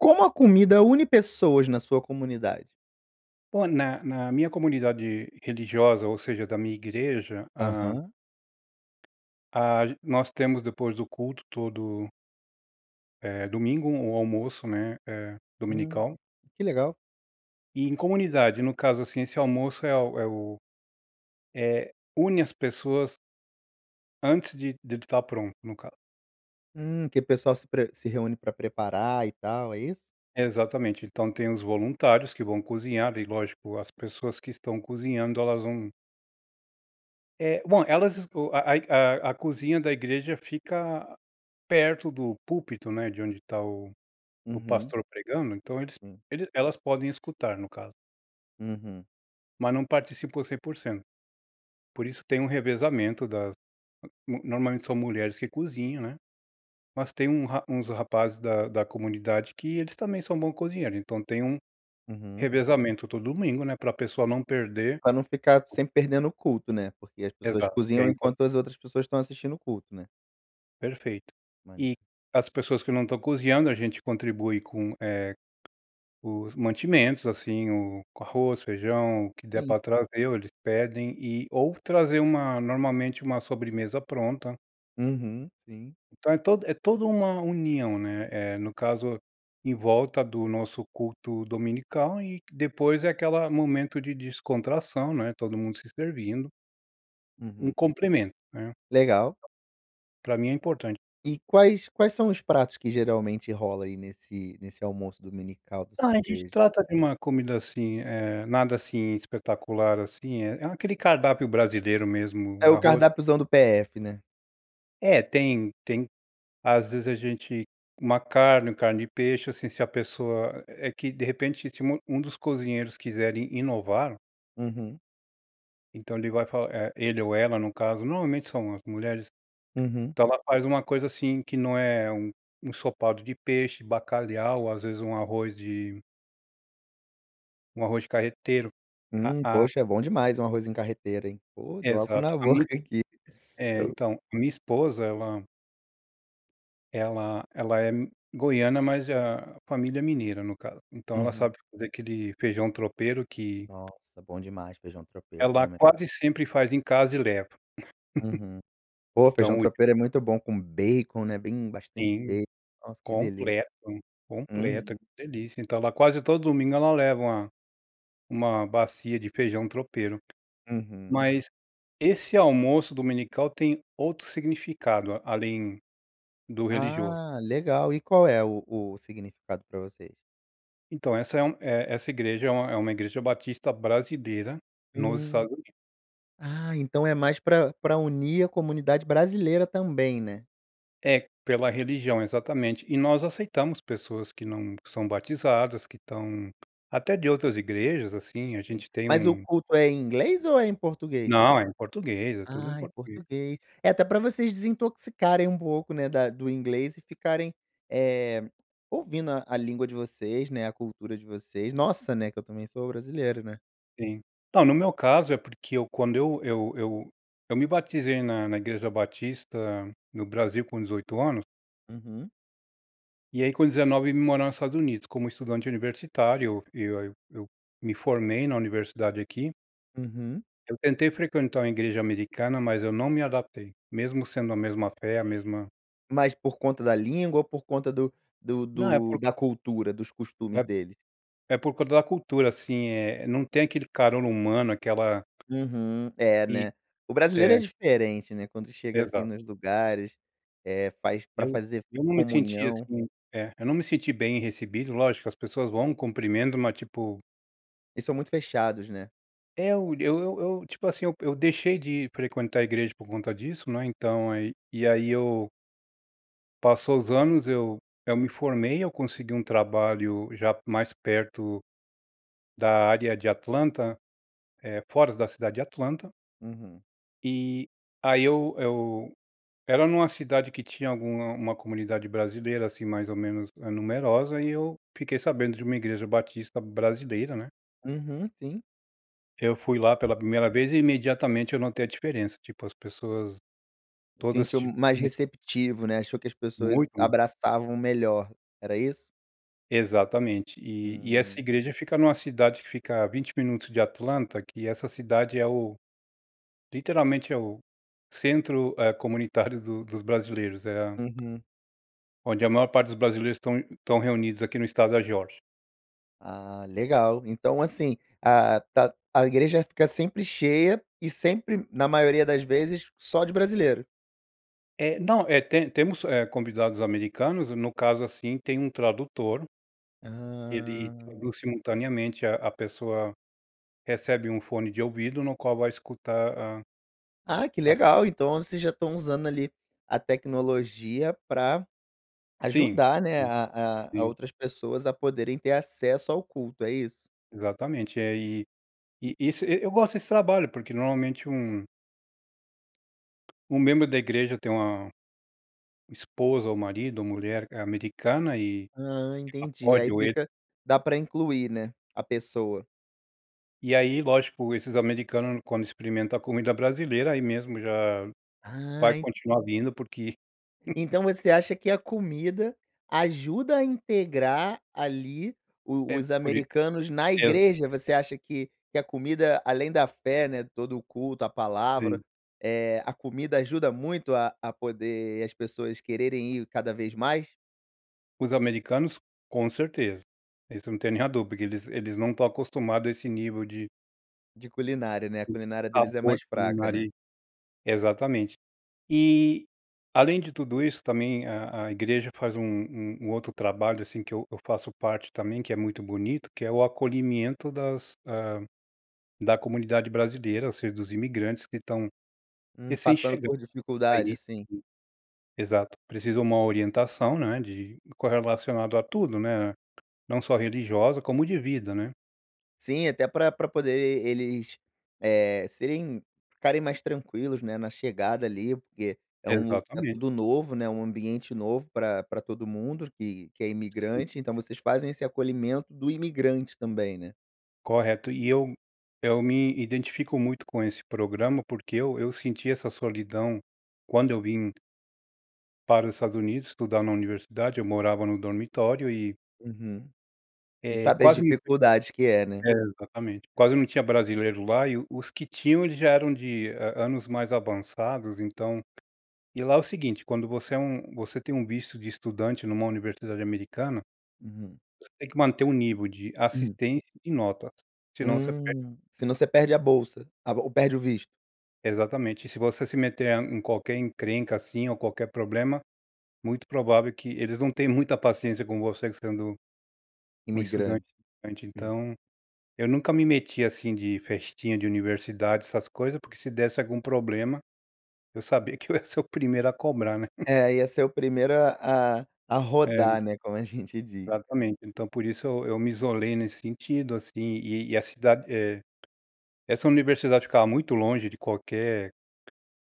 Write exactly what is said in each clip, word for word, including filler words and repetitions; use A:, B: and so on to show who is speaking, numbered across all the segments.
A: Como a comida une pessoas na sua comunidade?
B: Bom, na na minha comunidade religiosa, ou seja, da minha igreja, hã.
A: Aham.
B: Age nós temos depois do culto, todo eh, domingo, um almoço, né, eh,
A: Hum.
B: dominical.
A: Que legal.
B: E em comunidade, no caso assim, esse almoço é o é o é, une as pessoas antes de dele tá pronto, no caso.
A: Hum que o pessoal se pre se reúne para preparar e tal, é isso?
B: Exatamente. Então tem os voluntários que vão cozinhar, e lógico as pessoas que estão cozinhando elas vão É, bom, elas esco a ai a a cozinha da igreja fica perto do púlpito, né, de onde tá o o
A: Uhum.
B: pastor pregando, então eles
A: Hum.
B: elas podem escutar, no caso.
A: Uhum.
B: Mas não participam cem por cento. Por isso tem um revezamento das no normalmente são mulheres que cozinham, né? Mas tem um ra uns rapazes da da comunidade que eles também são bom cozinheiro. Então tem um
A: Uhum.
B: revezamento todo domingo, né? Pra pessoa não perder
A: Pra não ficar sempre perdendo o culto, né, porque as pessoas
B: Exato que é
A: cozinham
B: impor
A: enquanto as outras pessoas estão assistindo o culto, né?
B: Perfeito. E,
A: Maneiro.
B: as pessoas que não estão cozinhando a gente contribui com, eh, os mantimentos, assim, o com arroz, feijão o que der
A: Sim.
B: pra trazer, ou eles pedem, e ou trazer uma normalmente uma sobremesa pronta.
A: Uhum, sim.
B: Então é todo é toda uma união, né, eh, no caso, em volta do nosso culto dominical e depois é aquela momento de descontração, né, todo mundo se servindo. Um
A: Uhum.
B: compremento, né.
A: Legal.
B: Pra mim é importante.
A: E quais quais são os pratos que geralmente rola aí nesse nesse almoço dominical da
B: A
A: sua
B: gente
A: igreja?
B: trata de uma comida, assim, eh, nada assim, eh, espetacular, assim, é é aquele cardápio brasileiro
A: É
B: mesmo
A: o
B: arroz
A: cardápiozão do PF, né?
B: É tem tem às vezes a gente uma carne, carne de peixe, assim, se a pessoa é que, de repente, se um dos cozinheiros quiserem inovar.
A: Uhum.
B: Então ele vai falar eh, ele ou ela no caso, normalmente são as mulheres,
A: Uhum.
B: então ela faz um coisa, assim, que não é um ensopado de peixe, bacalhau ou às vezes um arroz de arroz carreteiro, a
A: Hum,
B: a
A: poxa é bom demais um arrozinho carreteiro hein, pô deu água
B: Exato,
A: na
B: a
A: boca
B: min
A: aqui,
B: é
A: eu
B: então, a minha esposa ela ela ela é goiana mas a família mineira, no caso, então ela
A: Uhum.
B: sabe fazer aquele feijão tropeiro que
A: Nossa, bom demais feijão tropeiro
B: Ela
A: também.
B: quase sempre faz em casa e leva.
A: Uhum, pô, feijão
B: Então
A: tropeiro é muito bom com bacon, né, bem bastante
B: Sim
A: bacon, nossa, que delícia,
B: completo, completa,
A: uhum.
B: que delícia, então ela quase todo domingo ela leva uma uma bacia de feijão tropeiro,
A: Uhum.
B: mas, esse almoço dominical tem outro significado além do religioso.
A: Ah legal, e qual é o o significado pra vocês?
B: Então essa é uma é essa igreja é uma é uma igreja batista brasileira nos
A: Hum.
B: Estados Unidos.
A: Ah, então é mais para para unir a comunidade brasileira também, né?
B: É, pela religião, exatamente, e nós aceitamos pessoas que não são batizadas, que estão até de outras igrejas, assim, a
A: Sim,
B: gente tem
A: mas o
B: um
A: culto é em inglês ou é em português?
B: Não, é em português. É tudo em
A: Ah, em
B: português.
A: português, é até pra vocês desintoxicarem um pouco, né, da do inglês e ficarem, eh, ouvindo a a língua de vocês, né, a cultura de vocês. Nossa, né, que eu também sou brasileiro, né.
B: Sim. Não, no meu caso, é porque eu quando eu eu eu eu me batizei na na Igreja Batista no Brasil com dezoito anos.
A: Uhum.
B: E aí com dezenove eu vim morar nos Estados Unidos, como estudante universitário. Eu eu eu me formei na universidade aqui.
A: Uhum.
B: Eu tentei frequentar uma igreja americana, mas eu não me adaptei, mesmo sendo a mesma fé, a mesma
A: Mas por conta da língua ou por conta do do
B: Não é
A: do
B: por
A: da cultura, dos
B: É
A: costumes dele?
B: é por culpa da cultura, assim, eh, não tem aquele caror humano, aquela
A: Uhum, é,
B: E
A: né. O brasileiro é
B: é.
A: diferente, né, quando chega assim
B: Exato.
A: nos lugares, eh, faz pra
B: Eu
A: fazer
B: eu não me senti
A: comunhão.
B: assim é eu não me senti bem recebido. Lógico, as pessoas vão, cumprimentam, mas tipo
A: Eles são muito fechados, né?
B: É, o eu eu eu tipo assim, eu eu deixei de frequentar a igreja por conta disso, não é, então aí e aí eu passou os anos, eu eu me formei, eu consegui um trabalho já mais perto da área de Atlanta, eh, fora da cidade de Atlanta.
A: Uhum.
B: E, aí eu eu era numa cidade que tinha alguma uma comunidade brasileira, assim, mais ou menos numerosa, eh, e eu fiquei sabendo de uma igreja batista brasileira, né.
A: Uhum, sim.
B: Eu fui lá pela primeira vez e imediatamente eu notei a diferença. Tipo as pessoas todas
A: Sentiu
B: tipo
A: mais
B: [unintelligible]
A: receptivo, né, achou que as pessoas
B: Muito mais.
A: abraçavam melhor, era isso?
B: Exatamente. E e essa
A: Hum.
B: igreja fica numa cidade que fica a vinte minutos de Atlanta, que essa cidade é o literalmente, é o centro, eh, comunitário do dos brasileiros, é a
A: Uhum.
B: onde a maior parte dos brasileiros estão estão reunidos aqui no estado da Geórgia.
A: Ah, legal, então assim, a tá a igreja fica sempre cheia e sempre, na maioria das vezes, só de brasileiro.
B: É não é te temos, eh, convidados americanos, no caso assim, tem um tradutor, ele
A: Hã.
B: traduz simultaneamente a a pessoa recebe um fone de ouvido no qual vai escutar a
A: Ah que
B: [unintelligible]
A: legal, então vocês já estão usando, ali, a tecnologia pra
B: Sim,
A: ajudar, né,
B: sim,
A: a a a
B: sim.
A: outras pessoas a poderem ter acesso ao culto, é isso?
B: Exatamente, é e e isso eu gosto desse trabalho, porque normalmente um um membro da igreja tem uma uma esposa, ou marido, ou mulher, eh, americana, ela
A: Hã, entendi,
B: pode
A: aí
B: ou ele
A: fica da pra incluir, né, a pessoa.
B: E aí, lógico, esses americanos quando experimentam a comida brasileira, aí mesmo já
A: Ah,
B: vai
A: en
B: continuar vindo porque
A: então você acha que a comida ajuda a integrar, ali, o
B: É
A: os
B: por is
A: americanos na
B: é.
A: igreja? Você acha que que a comida, além da fé, né, todo o culto, a palavra,
B: Sim.
A: eh, a comida ajuda muito a a poder as pessoas quererem ir cada vez mais?
B: Os americanos, com certeza. Isso não tem nem a duvida, porque eles eles não estão acostumado a esse nível de
A: De culinária, né, a culinária deles é
B: Sabor
A: mais
B: de comer
A: fraca, né?
B: ali. Exatamente. E além de tudo isso também a a igreja faz um um outro trabalho, assim que eu eu faço parte também, que é muito bonito, que é o acolhimento das hã, da comunidade brasileira ou seja dos imigrantes que estão
A: Hum,
B: recém
A: passando
B: chegando,
A: por dificuldade,
B: aí
A: assim.
B: Exato, precisa uma orientação, né, de correlacionado a tudo, né, não só religiosa como de vida, né?
A: Sim, até pra pra poder eles, eh, serem ficarem mais tranquilos, né, na chegada ali. Porque é um
B: Exatamente.
A: tudo novo, né, um ambiente novo pra pra todo mundo, que que é
B: Sim.
A: imigrante. Então, vocês fazem esse acolhimento do imigrante também, né?
B: Correto. E eu eu me identifico muito, com esse programa, porque eu eu senti essa solidão quando eu vim para os Estados Unidos, estudar na universidade, eu morava no dormitório e
A: Uhum, e
B: É
A: sabe as
B: quase
A: dificuldade que é, né?
B: É exatamente. Quase não tinha brasileiro lá e os que tinham eles já eram de an anos mais avançados. Então E lá é o seguinte, quando você é um você tem um visto de estudante numa universidade americana
A: Hum.
B: você tem que manter o nível de assistência e de notas, senão você perde
A: Hum, se não você perde a bolsa, a ou perde o visto?
B: É exatamente. Se você se meter em qualquer encrenca assim, ou qualquer problema. Muito provável que eles não tem muita paciência com você sendo um estudante.
A: Imigrante.
B: Então, eu nunca me meti, assim, de festinha de universidade, essas coisas. Porque se desse algum problema, eu sabia que eu ia ser o primeiro a cobrar, né.
A: É, ia ser o primeiro a a a
B: É.
A: rodar, né, como a gente diz.
B: Exatamente. Então, por isso eu eu me isolei nesse sentido assim, e e a cidade eh, essa universidade ficava muito longe de qualquer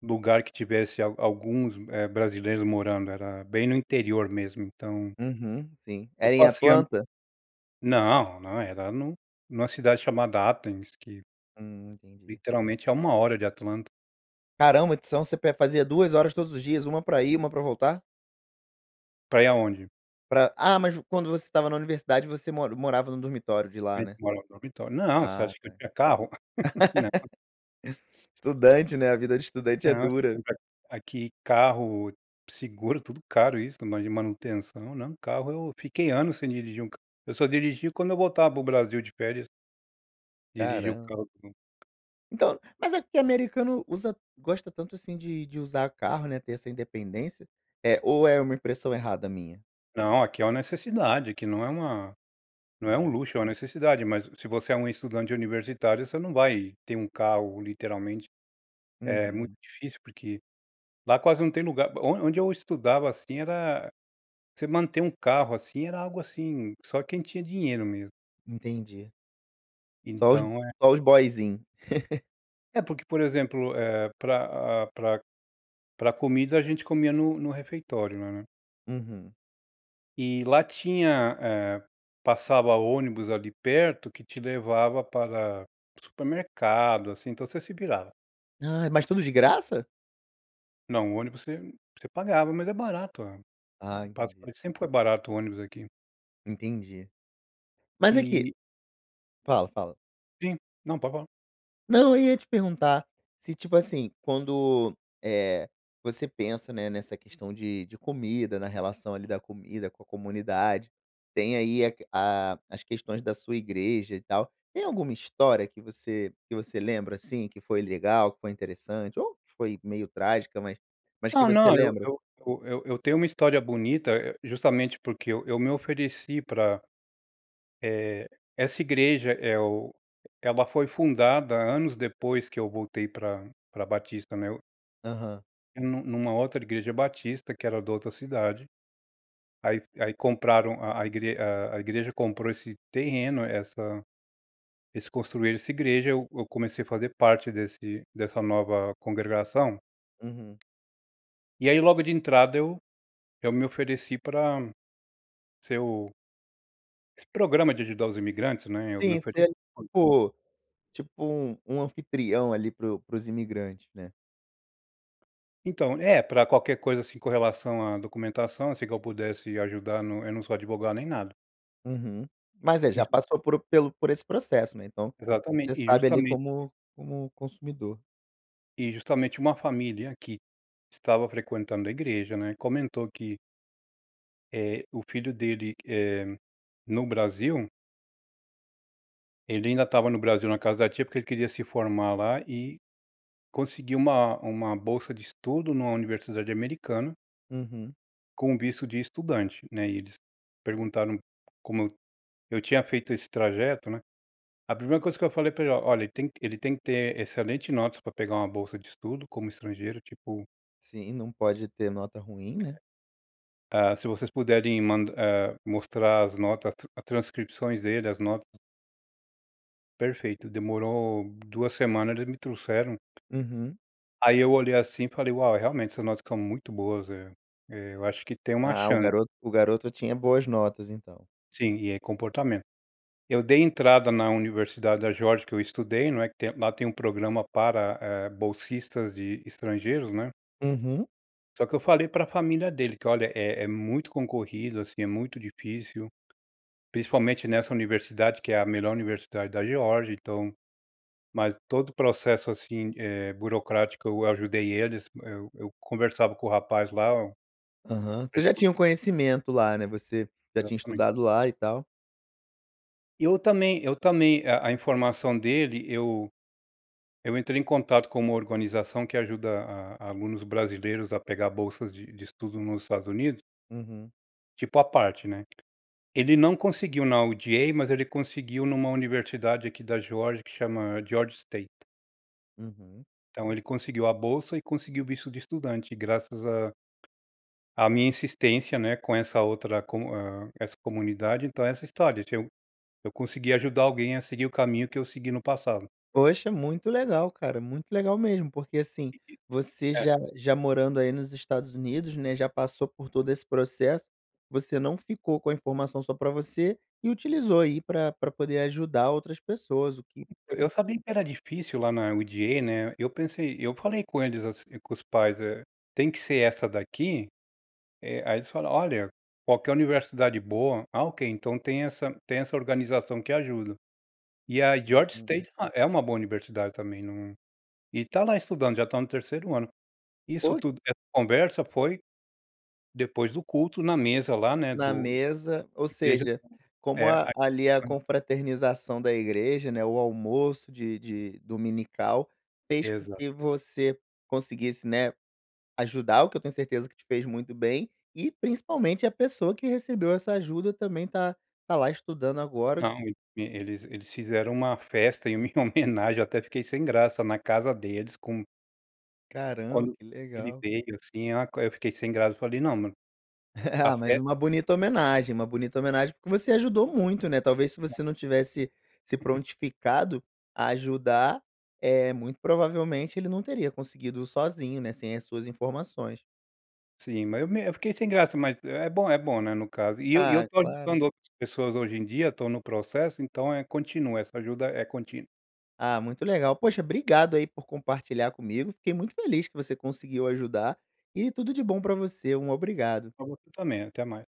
B: lugar que tivesse a alguns brasileiros morando, era bem no interior mesmo, então
A: Uhum, sim,
B: Eu
A: é em
B: passei
A: Atlanta?
B: Não, não era no numa cidade chamada Athens que
A: Hum, entendi.
B: Literalmente a uma hora de Atlanta.
A: Caramba. Itsão, você pe fazia duas horas todos os dias, uma pra ir e uma pra voltar?
B: Pra ir aonde?
A: Pra ah, mas quando você estava na universidade você mora morava no dormitório de
B: A
A: lá,
B: gente
A: né?
B: morava em dormitório. Não, você
A: Ah
B: acha que eu
A: tá.
B: tinha carro? Não.
A: Estudante, né? A vida de estudante é
B: Não, esse
A: dura.
B: negócio de aqui carro, seguro, tudo caro isso, mais de manutenção não carro eu fiquei anos sem dirigir um carro. Eu só dirigia quando eu voltava para o Brasil de férias. Dirigir o
A: Caram
B: carro [unintelligible]
A: Então, mas aqui americano usa gosta tanto assim de de usar carro, né, ter essa Independência, eh, ou é uma impressão errada minha?
B: Não, aqui é uma necessidade, aqui não é uma não é um
A: Uhum.
B: luxo, é uma necessidade, mas se você é um estudante universitário você não vai ter um carro literalmente. É muito
A: Uhum.
B: difícil porque lá quase não tem lugar o onde eu estudava assim, era você manter um carro, assim, era algo, assim, só quem tinha dinheiro mesmo.
A: Entendi. Só os
B: Então é
A: só os boyzin.
B: É porque, por exemplo, é pra a pra pra comida a gente comia no no refeitório, lá né.
A: Uhum.
B: Eh, lá tinha hã, passava ônibus ali perto, que te levava para o supermercado, assim. Então, você se virava.
A: Ah, mas tudo de graça?
B: Não, o ônibus você você pagava. Mas é barato, a
A: Ah, entendi.
B: passagem sempre foi barato o ônibus aqui.
A: Entendi mas aqui
B: E
A: fala, fala.
B: Sim, não, pode falar.
A: Não eu ia te perguntar se, tipo assim, quando, eh, você pensa né nessa questão de de comida, na relação ali da comida com a comunidade, tem aí a que a as questões da sua igreja e tal. Tem alguma história que você que você lembra assim que foi legal, que foi interessante ou que foi meio trágica, mas mas que
B: Não,
A: você
B: não. Eu
A: lembra?
B: eu eu eu tenho uma história bonita, eh, justamente, porque eu eu me ofereci pra, eh, essa igreja. É o ela foi fundada anos depois que eu voltei pra pra Batista, né.
A: Aham.
B: Ia num num numa outra igreja Batista, que era da outra cidade. Aí aí, compraram a a igre a a igreja comprou esse terreno, essa Eles construíram essa igreja, eu eu comecei a fazer parte desse dessa nova congregação.
A: Uhum.
B: E aí, logo de entrada eu eu me ofereci pra ser o Esse programa de ajudar os imigrantes, né? Eu me
A: Sim, você
B: ofere.
A: era
B: [unintelligible]
A: tipo tipo um tipo um anfitrião ali pro pros imigrantes, né?
B: Então é pra qualquer coisa, assim, com relação à documentação, assim, que eu pudesse ajudar no eu não sou advogado nem nada.
A: Uhum. Mas aí já
B: Exa
A: passou por pelo por esse processo, né, então,
B: Exatamente
A: você
B: e
A: sabe ali
B: justamente
A: como como consumidor.
B: E justamente uma família que estava frequentando a igreja, né, comentou que eh, o filho dele, eh, no Brasil. Ele ainda estava no Brasil na casa da tia porque ele queria se formar lá e, conseguir uma uma bolsa de estudo numa universidade americana
A: Uhum.
B: com o visto de estudante, né, e eles perguntaram como eu eu tinha feito esse trajeto, né, a primeira coisa que eu falei para ele: "Olha ele tem ele tem que ter excelente notas para pegar uma bolsa de estudo como estrangeiro, tipo"
A: Sim, não pode ter nota ruim, né.
B: É. Hã, se vocês puderem mandar, hã, mostrar as notas a trans as transcrições dele, as notas. Perfeito demorou duas semanas e eles me trouxeram.
A: Uhum.
B: Aí eu olhei assim e falei: "Uau realmente, essa nota fica muito boas", é é eu acho que tem uma
A: Ah o
B: chan
A: garoto o garoto tinha boas notas então.
B: Sim, e é comportamento. Eu dei entrada na Universidade da Geórgia que eu estudei, não é, que tem lá tem um programa para, eh, bolsistas e estrangeiros, né.
A: Uhum.
B: Só que eu falei para família dele que, olha é é muito concorrido, assim, é muito difícil. Principalmente nessa Universidade, que é a melhor Universidade da Georgia então mas todo o processo, assim, eh, burocrático eu ajudei eles, eu eu conversava com o rapaz lá.
A: Aham, você já tinha um
B: [unintelligible]
A: conhecimento lá né, você já tinha
B: Exatamente.
A: estudado lá e tal.
B: E eu também eu também a a informação dele, eu eu entrei em contato com uma organização que ajuda a a alunos brasileiros a pegar bolsas de de estudo nos Estados Unidos.
A: Uhum.
B: Tipo à parte, né? Ele não conseguiu na UGA, mas ele conseguiu numa universidade aqui da Georgia, que chama Georgia State.
A: Uhum.
B: Então ele conseguiu a bolsa e conseguiu o visto de estudante, graças a a minha insistência, né, com essa outra com eh, essa comunidade, então essa história, eu ti eu consegui ajudar alguém a seguir o caminho que eu segui no passado.
A: Poxa, muito legal cara, muito legal mesmo. Porque, assim,
B: E
A: você
B: e
A: já
B: é.
A: já morando aí nos Estados Unidos, né, já passou por todo esse processo, você não ficou com a informação só para você e utilizou aí pra pra poder ajudar outras pessoas o que foi
B: Eu sabia que era difícil lá na UGA, né, eu pensei eu falei com eles, assim, com os pais, eh: "Tem que ser essa daqui?" Eh, aí eles falam: "Olha, qualquer universidade boa." Ah ok, então tem essa tem essa organização que ajuda. E a Georgia
A: Uhum.
B: State é uma boa universidade também num e tá lá estudando, já está no terceiro ano. Isso
A: Foi?
B: tudo, essa conversa foi depois do culto, na mesa lá, né,
A: Na
B: do
A: mesa, ou
B: igreja
A: seja,
B: [unintelligible]
A: como
B: é
A: a ali, a
B: [unintelligible]
A: confraternização da igreja, né, o almoço de de dominical, fez com
B: Exato.
A: que você conseguisse, né, ajudar, o que eu tenho certeza que te fez muito bem, e principalmente a pessoa que recebeu essa ajuda também tá tá lá estudando agora.
B: Não, ele eles fizeram uma festa em minha homenagem, até fiquei sem graça na casa deles com
A: Caramba,
B: Quando
A: que
B: ele
A: legal.
B: veio, assim, ah, eu fiquei sem graça, eu falei: "Não mano a
A: Ah, mais
B: fe
A: uma bonita homenagem, uma bonita homenagem, porque você ajudou muito, né, talvez se
B: [unintelligible]
A: você não tivesse se prontificado a ajudar, eh, muito provavelmente ele não teria conseguido sozinho, né, sem as suas informações.
B: Sim, mas eu me eu fiquei sem graça mas, é bom é bom, né, no caso, e eu e eu
A: Ah,
B: estou
A: claro.
B: ajudando outras pessoas hoje em dia, tô no processo então é continua, essa ajuda é contínua.
A: Ah, muito legal. Poxa, obrigado aí por compartilhar comigo. Fiquei muito feliz que você conseguiu ajudar. E tudo de bom pra você. Um obrigado.
B: Pra você também, até mais.